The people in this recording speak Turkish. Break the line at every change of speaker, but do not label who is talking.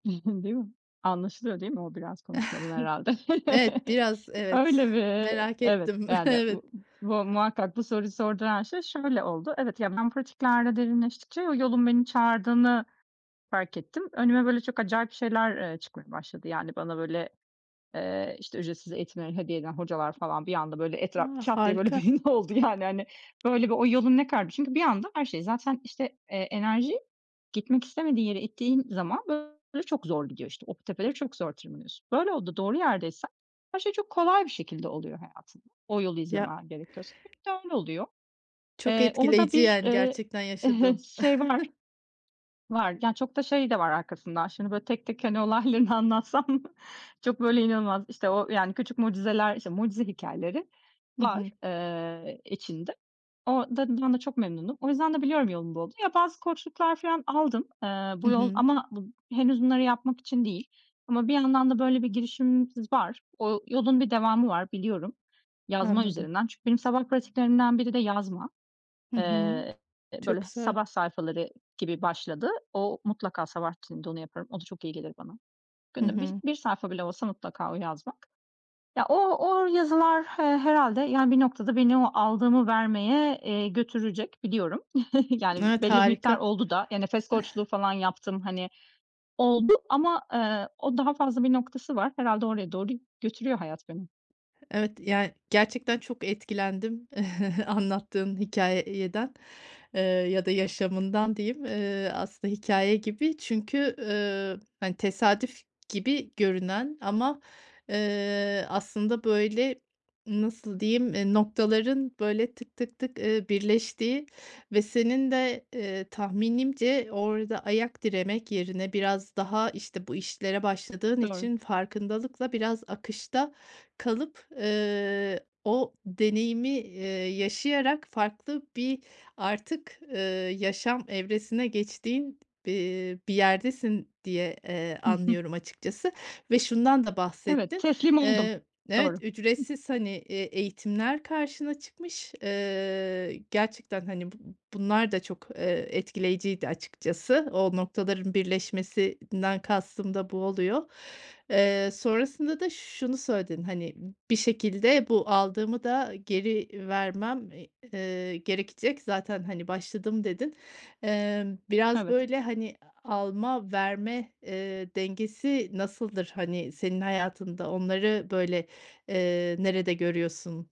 Değil mi? Anlaşılıyor, değil mi, o biraz konuşmadan herhâlde?
Evet, biraz evet,
Öyle mi?
merak
Evet,
ettim.
yani,
Evet.
bu bu muhakkak bu soruyu sorduran şey şöyle oldu. Evet, yani, ben pratiklerle derinleştikçe yolun beni çağırdığını fark ettim. Önüme böyle çok acayip şeyler, eee, çıkmaya başladı, yani, bana böyle, eee, işte ücretsiz eğitimleri hediye eden hocalar falan bir anda böyle etraf
A!
2 haftaya böyle
Harika.
belli oldu, yani, hani, böyle bir o yolun ne kadarmış çünkü bir anda her şey zaten işte, eee, enerji gitmek istemediği yere ittiğin zaman böyle çok zor gidiyor, işte. O tepeleri çok zor tırmanıyorsun, böyle oldu doğru yerdeysen her şey çok kolay bir şekilde oluyor hayatında o yolu
Ya
izlemen gerekiyorsa. Hep de öyle oluyor,
Çok
eee, onu da
etkileyici,
bir,
yani,
eee,
gerçekten yaşadığın.
[unintelligible] şey var, var, yani, çok da şey de var arkasından şimdi böyle tek tek, hani, olaylarını anlatsam çok böyle inanılmaz işte o, yani, küçük mucizeler, işte mucize hikâyeleri
Hı
var,
hı.
eee, içinde. O da ben de çok memnunum, o yüzden de biliyorum yolum bu olduğunu. Bazı koçluklar falan aldım, eee,
Hı
bu yol
hı.
ama bu henüz bunları yapmak için değil ama bir yandan da böyle bir girişimimiz var. O yolun bir devamı var biliyorum yazma
Anladım.
üzerinden, çünkü benim sabah pratiklerimden biri de yazma,
Hı hı,
eee,
çok
böyle
güzel.
sabah sayfaları gibi başladı. O mutlaka sabah içinde onu yaparım, o da çok iyi gelir bana.
Hı
Günde bir
hı.
bir sayfa bile olsa mutlaka o yazmak ya, o o yazılar, eee, herhâlde, yani, bir noktada beni o aldığımı vermeye, eee, götürecek biliyorum. Yani,
Evet,
belli bir
harika.
miktar oldu da ya, nefes
Eh.
koçluğu falan yaptım, hani, oldu ama, eee, o daha fazla bir noktası var, herhâlde oraya doğru götürüyor hayat beni.
Evet, yani, gerçekten çok etkilendim, anlattığın hikâyeden, eee, ya da yaşamından diyeyim, eee, aslında hikâye gibi, çünkü, eee, hani, tesadüf gibi görünen ama, eee, aslında böyle nasıl diyeyim e, noktaların böyle tık, tık, tık, eee, birleştiği ve senin de, eee, tahminimce orada ayak diremek yerine biraz daha, işte, bu işlere başladığın
Doğru.
için farkındalıkla biraz akışta kalıp, eee, o deneyimi, eee, yaşayarak farklı bir artık, eee, yaşam evresine geçtiğin, eee, bir yerdesin diye, eee,
Hı hı.
anlıyorum açıkçası ve şundan da
Evet,
bahsettin,
teslim oldum,
eee,
doğru.
evet, ücretsiz, hani, eee, eğitimler karşına çıkmış. Eee, gerçekten, hani, bu bunlar da çok, eee, etkileyiciydi açıkçası. O noktaların birleşmesinden kastım da bu oluyor, eee, sonrasında da şunu söyledin, hani, bir şekilde bu aldığımı da geri vermem, eee, gerekecek. Zaten, hani, başladım dedin, eee, biraz
Evet.
böyle, hani, alma verme, eee, dengesi nasıldır, hani, senin hayatında onları böyle, eee, nerede görüyorsun?